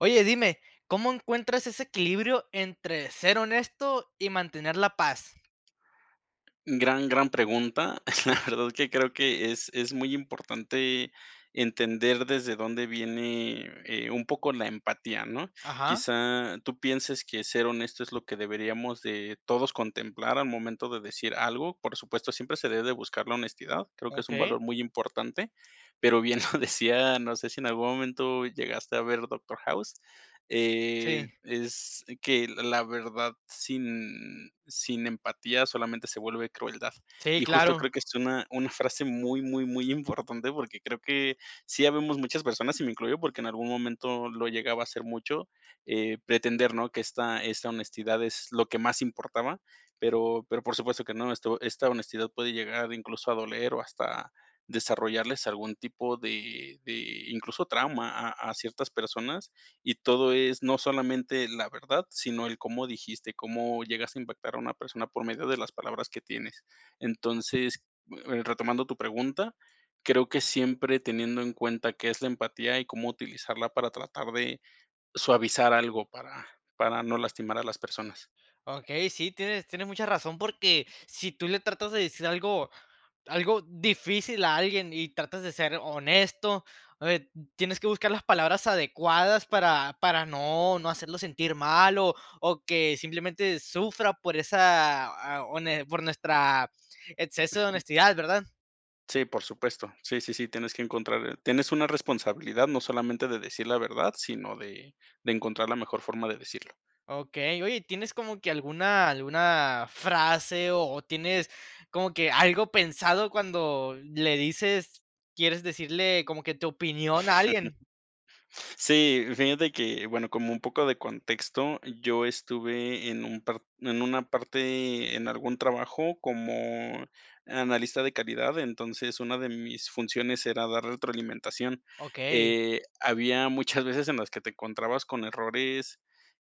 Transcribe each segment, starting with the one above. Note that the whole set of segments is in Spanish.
Oye, dime, ¿cómo encuentras ese equilibrio entre ser honesto, y mantener la paz? Gran, gran pregunta. La verdad que creo que es es muy importante entender desde dónde viene, eh, un poco la empatía, ¿no? Ajá. Quizá tú pienses que ser honesto es lo que deberíamos de todos contemplar al momento de decir algo. Por supuesto, siempre se debe de buscar la honestidad, creo que es un Okey. valor muy importante, pero bien lo decía, no sé si en algún momento llegaste a ver Doctor House, eh, Sí. es que: "La verdad sin sin empatía solamente se vuelve crueldad". Sí, Y justo creo claro. que es una una frase muy, muy, muy importante, porque creo que sí habemos muchas personas, y me incluyo porque en algún momento lo llegaba a hacer mucho, eh, pretender, ¿no? Que esta esta honestidad es lo que más importaba, pero pero por supuesto que no, esto esta honestidad puede llegar incluso a doler o hasta desarrollarles algún tipo de de, incluso trauma a a ciertas personas. Y todo es, no solamente la verdad, sino el cómo dijiste, cómo llegaste a impactar a una persona por medio de las palabras que tienes, entonces, eh, retomando tu pregunta, creo que siempre teniendo en cuenta qué es la empatía y cómo utilizarla para tratar de suavizar algo para para no lastimar a las personas. Okey, sí, tienes tienes mucha razón, porque si tú le tratas de decir algo algo difícil a alguien y tratas de ser honesto, eh, tienes que buscar las palabras adecuadas para para no no hacerlo sentir mal o o que simplemente sufra por esa, eh, hone por nuestra exceso de honestidad, ¿verdad? Sí, por supuesto. Sí, sí, sí, tienes que encontrar tienes una responsabilidad, no solamente de decir la verdad, sino de de encontrar la mejor forma de decirlo. Okey. Oye, ¿tienes como que alguna alguna frase, o tienes como que algo pensado, cuando le dices quieres decirle como que tu opinión a alguien? Sí, fíjate que, bueno, como un poco de contexto, yo estuve en un part en una parte, en algún trabajo como analista de calidad, entonces una de mis funciones era dar retroalimentación, Okey. eh, había muchas veces en las que te encontrabas con errores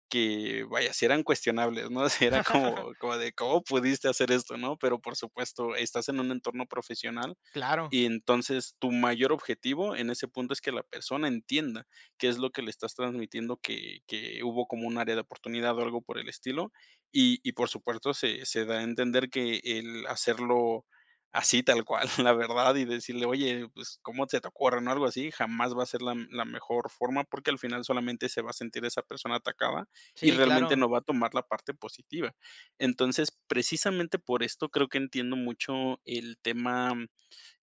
que, vaya, si eran cuestionables, ¿no? O sea, era como como de: "¿Cómo pudiste hacer esto", ¿no? Pero, por supuesto, estás en un entorno profesional Claro. y entonces tu mayor objetivo en ese punto es que la persona entienda qué es lo que le estás transmitiendo, que que hubo como un área de oportunidad o algo por el estilo. Y y, por supuesto, se se da a entender que el hacerlo así tal cual, la verdad, y decirle: "Oye, pues, ¿cómo se te ocurre", ¿no? O algo así, jamás va a ser la me la mejor forma, porque al final solamente se va a sentir esa persona atacada, y Sí, realmente claro. no va a tomar la parte positiva. Entonces, precisamente por esto creo que entiendo mucho el tema,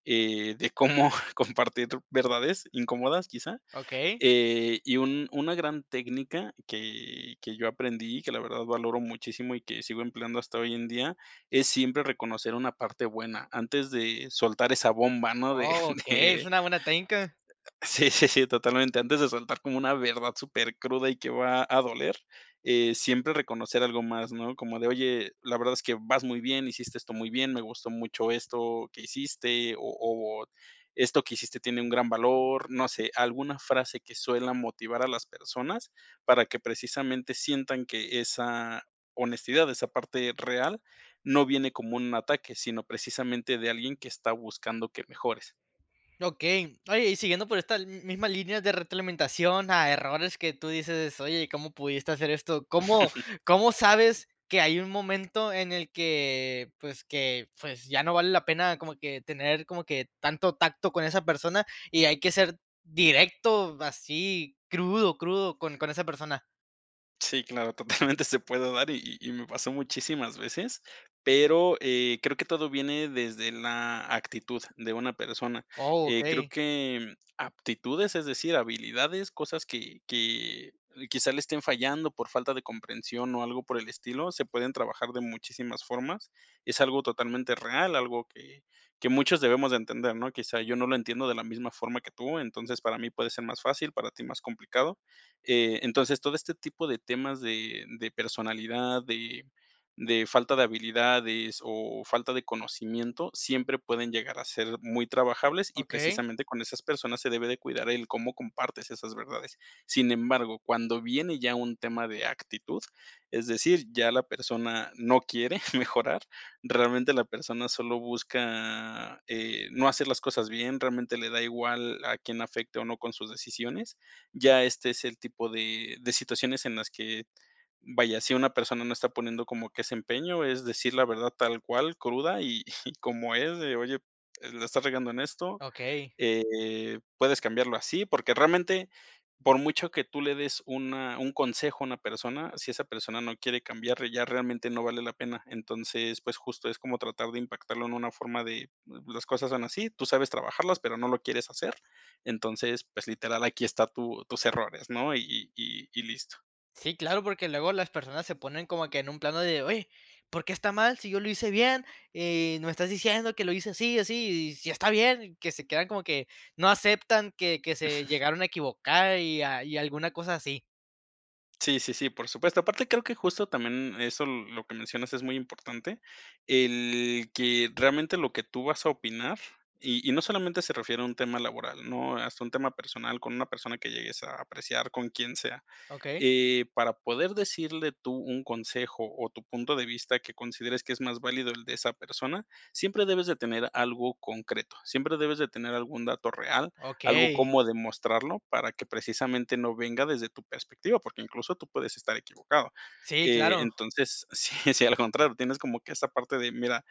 eh, de cómo compartir verdades incómodas quizá, Okey. eh, y un una gran técnica que que yo aprendí, que la verdad valoro muchísimo y que sigo empleando hasta hoy en día. Es siempre reconocer una parte buena antes de soltar esa bomba, ¿no?, de Oh, okey, es de una buena técnica. sí, sí, sí, totalmente, antes de soltar como una verdad supercruda, y que va a doler, eh, siempre reconocer algo más, ¿no? Como de, oye, la verdad es que vas muy bien, hiciste esto muy bien, me gustó mucho esto que hiciste, o o esto que hiciste tiene un gran valor, no sé, alguna frase que suela motivar a las personas. Para que precisamente sientan que esa honestidad, esa parte real, no viene como un ataque, sino precisamente de alguien que está buscando que mejores. Okey, oye, y siguiendo por esta misma línea de retroalimentación a errores que tú dices, oye, ¿cómo pudiste hacer esto? ¿Cómo cómo sabes que hay un momento en el que pues, que pues, ya no vale la pena como que tener como que tanto tacto con esa persona y hay que ser directo, así, crudo, crudo con con esa persona? Sí, claro, totalmente se puede dar y y y me pasó muchísimas veces, pero, eh, creo que todo viene desde la actitud de una persona. Oh, Eh, creo okey. que aptitudes, es decir, habilidades, cosas que que quizá le estén fallando por falta de comprensión o algo por el estilo, se pueden trabajar de muchísimas formas. Es algo totalmente real, algo que que muchos debemos de entender, ¿no? Quizá yo no lo entiendo de la misma forma que tú, entonces, para mí puede ser más fácil, para ti más complicado. Eh, entonces, todo este tipo de temas de de personalidad, de de falta de habilidades o falta de conocimiento, siempre pueden llegar a ser muy trabajables y Okey. precisamente con esas personas se debe de cuidar el cómo compartes esas verdades. Sin embargo, cuando viene ya un tema de actitud, es decir, ya la persona no quiere mejorar, realmente la persona solo busca, eh, no hacer las cosas bien, realmente le da igual a quién afecte o no con sus decisiones. Ya este es el tipo de de situaciones en las que, vaya, si una persona no está poniendo como que ese empeño, es decir la verdad tal cual, cruda y como es de: "Oye, la estás regando en esto, Okey. eh, puedes cambiarlo así". Porque realmente, por mucho que tú le des una un consejo a una persona, si esa persona no quiere cambiar, ya realmente no vale la pena. Entonces, pues justo es como tratar de impactarlo en una forma de: "Las cosas son así, tú sabes trabajarlas, pero no lo quieres hacer". Entonces, pues literal, aquí está tu tus errores, ¿no?, y y y listo. Sí, claro, porque luego las personas se ponen como que en un plano de: "Oye, ¿por qué está mal sí yo lo hice bien? Eh, y no estás diciendo que lo hice sí o sí, y sí está bien", que se quedan como que no aceptan, que que se llegaron a equivocar y a y a alguna cosa así. Sí, sí, sí, por supuesto, aparte, creo que justo también eso, lo lo que mencionas es muy importante, el que realmente lo que tú vas a opinar, y y no solamente se refiere a un tema laboral, ¿no? Hasta un tema personal con una persona que llegues a apreciar con quien sea, Okey. eh, para poder decirle tú un consejo, o tu punto de vista que consideres que es más válido el de esa persona, siempre debes de tener algo concreto, siempre debes de tener algún dato real, algo Okey. cómo demostrarlo para que precisamente no venga desde tu perspectiva. Porque, incluso, tú puedes estar equivocado, Sí, eh, claro. entonces, sí, sí, al contrario, tienes como que esa parte de: "Mira,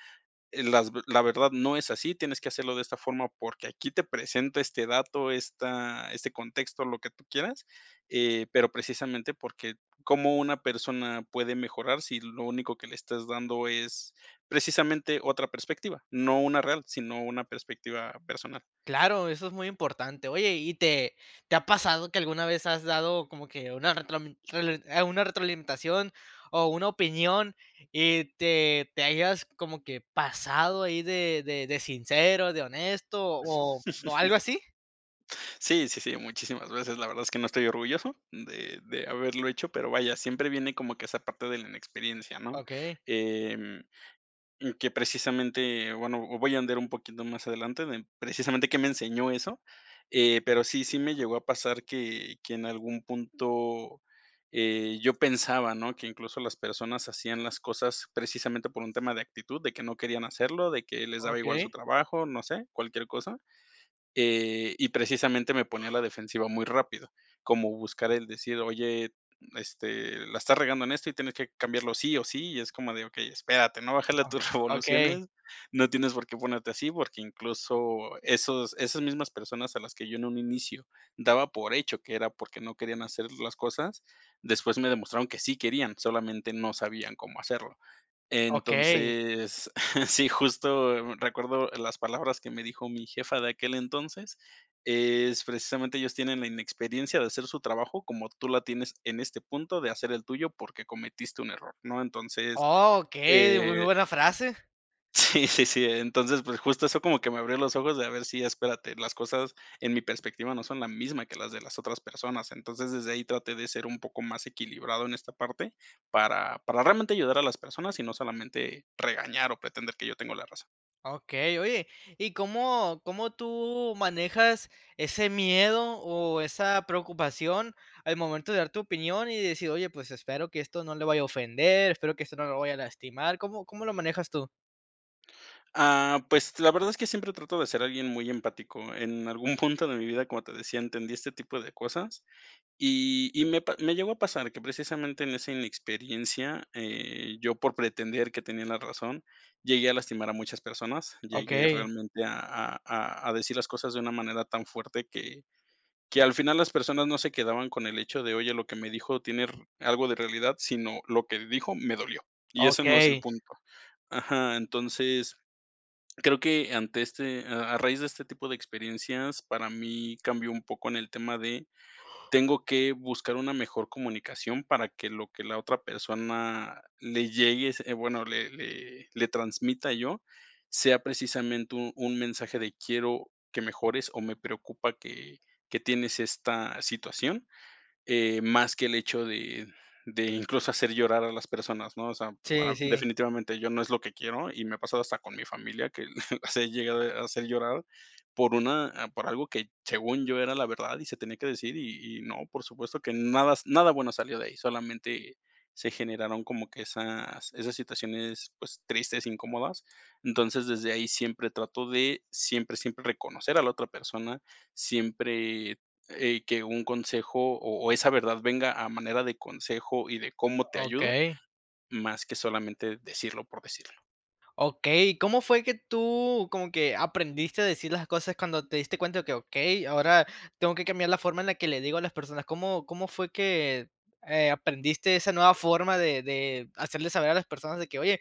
eh, las ve la verdad no es así, tienes que hacerlo de esta forma porque aquí te presento este dato, esta este contexto", lo que tú quieras, eh, pero precisamente, porque cómo una persona puede mejorar si lo único que le estás dando es precisamente, otra perspectiva, no una real, sino una perspectiva personal. Claro, eso es muy importante. Oye, ¿y te te ha pasado que alguna vez has dado como que una retromin rel e una retroalimentación, o una opinión, y te te hayas como que pasado ahí de de de sincero, de honesto, o o algo así? Sí, sí, sí, muchísimas veces, la verdad es que no estoy orgulloso de de haberlo hecho, pero vaya, siempre viene como que esa parte de la inexperiencia, ¿no? Okey. Em, que precisamente, bueno, voy a ondear un poquito más adelante de precisamente, qué me enseñó eso, eh, pero sí, sí me llegó a pasar que que en algún punto, eh, yo pensaba, ¿no?, que incluso las personas hacían las cosas, precisamente, por un tema de actitud, de que no querían hacerlo, de que les daba igual su Okey. trabajo, no sé, cualquier cosa. Eh, y precisamente me ponía a la defensiva muy rápido, como buscar el decir: "Oye, este, la estás regando en esto, y tienes que cambiarlo sí, o sí", y es como de: "Okey, espérate, ¿no? bájale a Ah, tus okey. revoluciones, no tienes por qué ponerte así". Porque, incluso, esos esas mismas personas a las que yo en un inicio daba por hecho que era porque no querían hacer las cosas, después me demostraron que sí querían, solamente no sabían cómo hacerlo. Okey. Entonces, sí, justo recuerdo las palabras que me dijo mi jefa de aquel entonces es, precisamente: "Ellos tienen la inexperiencia de hacer su trabajo como tú la tienes en este punto de hacer el tuyo porque cometiste un error", ¿no? Entonces, Okey, di muy eh buena frase. sí, sí, sí, entonces, pues, justo eso como que me abrió los ojos de: "A ver, sí, espérate, las cosas, en mi perspectiva, no son la misma que las de las otras personas". Entonces desde ahí traté de ser un poco más equilibrado en esta parte para para realmente ayudar a las personas y no solamente regañar o pretender que yo tengo la razón. Okey, oye, ¿y cómo cómo tú manejas ese miedo, o esa preocupación al momento de dar tu opinión?, y decir: "Oye, pues, espero que esto no le vaya a ofender, espero que esto no lo vaya a lastimar", ¿cómo cómo lo manejas tú? Ah, pues, la verdad es que siempre trato de ser alguien muy empático. En algún punto de mi vida, como te decía, entendí este tipo de cosas. Y y me pa me llegó a pasar que, precisamente, en esa inexperiencia, eh, yo por pretender que tenía la razón, llegué a lastimar a muchas personas. Llegué Okey. realmente a a a a decir las cosas de una manera tan fuerte, que que al final las personas no se quedaban con el hecho de, oye, lo que me dijo tiene re algo de realidad, sino, lo que dijo me dolió, y eso no es el Okey. punto. Ajá, entonces, creo que ante este a a raíz de este tipo de experiencias, para mí cambió un poco en el tema de, tengo que buscar una mejor comunicación para que lo que la otra persona le llegue se bueno, le le le transmita yo, sea precisamente un un mensaje de: "Quiero que mejores, o me preocupa que que tienes esta situación". Eh, más que el hecho de de, incluso, hacer llorar a las personas, ¿no? O sea, Sí, ah, sí. definitivamente yo no es lo que quiero. Y me ha pasado hasta con mi familia que las he llegado a hacer llorar por una por algo que, según yo, era la verdad y se tenía que decir. Y y no, por supuesto que nada s nada bueno salió de ahí. Solamente se generaron como que esas esas situaciones, pues, tristes, incómodas. Entonces, desde ahí siempre trato de siempre, siempre, reconocer a la otra persona. Siempre, eh, que un consejo, o o esa verdad venga a manera de consejo y de cómo te ayudo, Okey. más que solamente decirlo por decirlo. Okey. ¿Cómo fue que tú, como que aprendiste a decir las cosas cuando te diste cuenta de que, okey, ahora tengo que cambiar la forma en la que le digo a las personas? ¿Cómo cómo fue que, eh, aprendiste esa nueva forma de de hacerle saber a las personas de que, oye,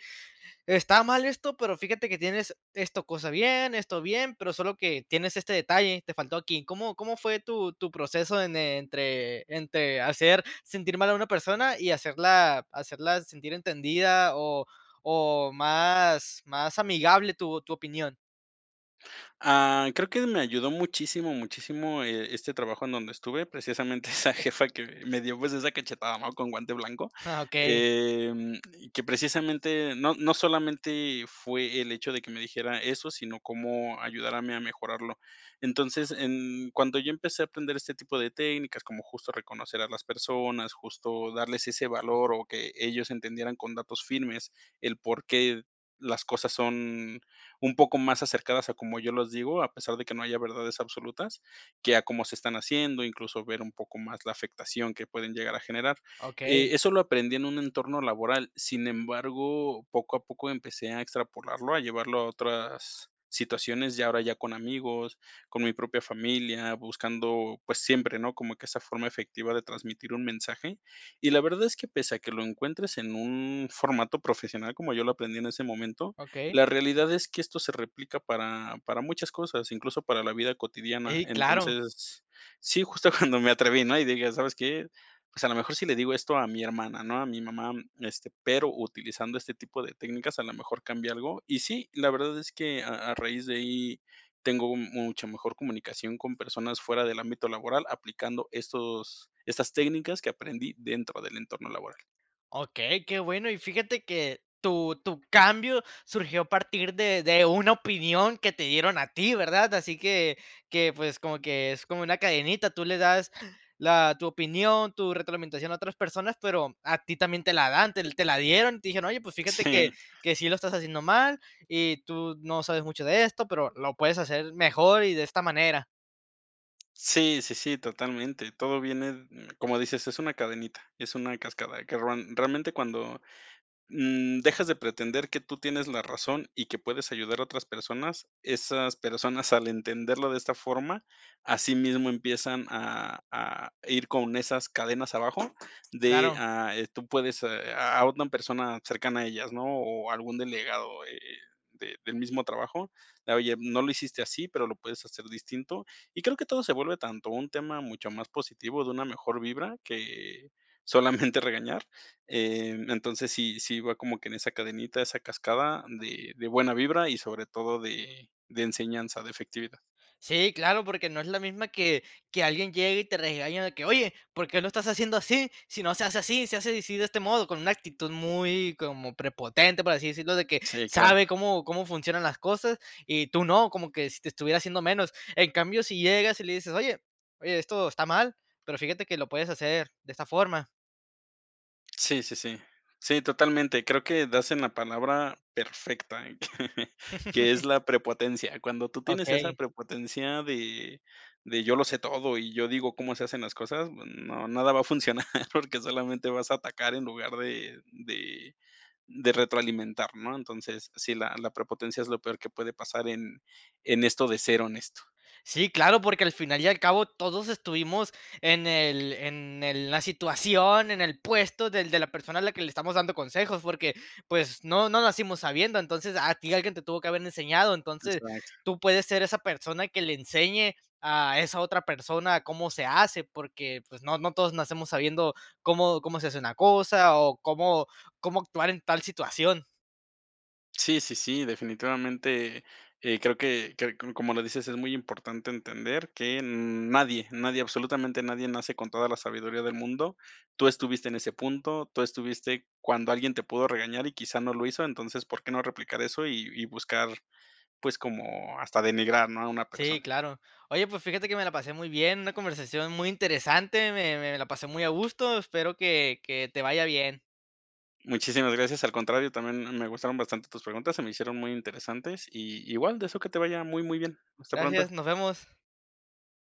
está mal esto, pero fíjate que tienes esto cosa bien, esto bien, pero solo que tienes este detalle, te faltó aquí? ¿Cómo cómo fue tu tu proceso en entre entre hacer sentir mal a una persona y hacerla hacerla sentir entendida, o o más más amigable tu tu opinión? Ah, creo que me ayudó muchísimo, muchísimo, eh, este trabajo en donde estuve. Precisamente, esa jefa que me dio, pues, esa cachetada, ¿no? Con guante blanco, Ah, okey. em, y que precisamente no no solamente fue el hecho de que me dijera eso, sino cómo ayudarme a mi a mejorarlo. Entonces, en cuando yo empecé a atender este tipo de técnicas, como justo reconocer a las personas, justo darles ese valor, o que ellos entendieran con datos firmes el por qué las cosas son un poco más acercadas a como yo los digo, a pesar de que no haya verdades absolutas, que a cómo se están haciendo, incluso, ver un poco más la afectación que pueden llegar a generar. Eh, Okey. eso lo aprendí en un entorno laboral, sin embargo, poco a poco empecé a extrapolarlo, a llevarlo a otras situaciones, ya ahora ya con amigos, con mi propia familia, buscando, pues, siempre, ¿no? Como que esa forma efectiva de transmitir un mensaje. Y la verdad es que pese a que lo encuentres en un formato profesional, como yo lo aprendí en ese momento, Okey. la realidad es que esto se replica para, para muchas cosas, incluso, para la vida cotidiana. Ey, claro. Entonces sí, justo cuando me atreví, ¿no? Y dije: "¿Sabes qué? Pues a lo mejor si le digo esto a mi hermana, ¿no? A mi mamá", este, pero utilizando este tipo de técnicas, a lo mejor cambia algo. Y sí, la verdad es que a a raíz de ahí tengo mucha mejor comunicación con personas fuera del ámbito laboral aplicando estos estas técnicas que aprendí dentro del entorno laboral. Okey, qué bueno, y fíjate que tu tu cambio surgió a partir de de una opinión que te dieron a ti, ¿verdad? Así que que, pues, como que es como una cadenita, tú le das la tu opinión, tu retroalimentación a otras personas, pero a ti también te la dan te te la dieron. Te dijeron: "Oye, pues, fíjate que Sí. que sí lo estás haciendo mal y tú no sabes mucho de esto, pero lo puedes hacer mejor y de esta manera". Sí, sí, sí, totalmente, todo viene, mm, como dices, es una cadenita, es una cascada, que ron realmente, cuando, mm, dejas de pretender que tú tienes la razón y que puedes ayudar a otras personas, esas personas al entenderlo de esta forma, asimismo empiezan a a ir con esas cadenas abajo de, Claro. ah, eh, tú puedes, eh, a a una persona cercana a ellas, ¿no? O algún delegado, eh, de del mismo trabajo, de: "Oye, no lo hiciste así, pero lo puedes hacer distinto". Y creo que todo se vuelve tanto un tema mucho más positivo, de una mejor vibra, que solamente regañar. Eh, entonces, sí, sí va como que en esa cadenita, esa cascada de de buena vibra y, sobre todo, de de enseñanza, de efectividad. Sí, claro, porque no es la misma que que alguien llegue y te regaña de que: "Oye, ¿por qué lo estás haciendo así? Si no se hace así, se hace di si, de este modo", con una actitud muy como prepotente, por así decirlo, de que Sí, claro. sabe cómo cómo funcionan las cosas, y tú no, como que si te estuviera haciendo menos. En cambio, si llegas y le dices: "Oye, oye, esto está mal, pero fíjate que lo puedes hacer de esta forma". Sí, sí, sí. Sí, totalmente, creo que das en la palabra perfecta, que es la prepotencia, cuando tú tienes esa Okey. prepotencia de de yo lo sé todo y yo digo cómo se hacen las cosas, n no, nada va a funcionar porque solamente vas a atacar en lugar de de de retroalimentar, ¿no? Entonces, sí, la la prepotencia es lo peor que puede pasar en en esto de ser honesto. Sí, claro, porque al final y al cabo todos estuvimos en el en el la situación, en el puesto del de la persona a la que le estamos dando consejos, porque, pues, no no nacimos sabiendo, entonces, a ti alguien te tuvo que haber enseñado, entonces, Exacto. tú puedes ser esa persona que le enseñe a esa otra persona cómo se hace, porque, pues, no no todos nacemos sabiendo cómo cómo se hace una cosa o cómo cómo actuar en tal situación. Sí, sí, sí, definitivamente, eh, creo que que, como lo dices, es muy importante entender que nadie, nadie, absolutamente nadie nace con toda la sabiduría del mundo. Tú estuviste en ese punto, tú estuviste cuando alguien te pudo regañar y quizá no lo hizo, entonces, porque no replicar eso y y buscar, pues, como hasta denigrar, ¿no? a una Sí, persona. claro, oye, pues fíjate que me la pasé muy bien, una conversación muy interesante, me me la pasé muy a gusto, espero que que te vaya bien. Muchísimas gracias, al contrario, también m me gustaron bastante tus preguntas, se me hicieron muy interesantes, y igual, deseo que te vaya muy muy bien. Hasta Gracias, pronto. nos vemos.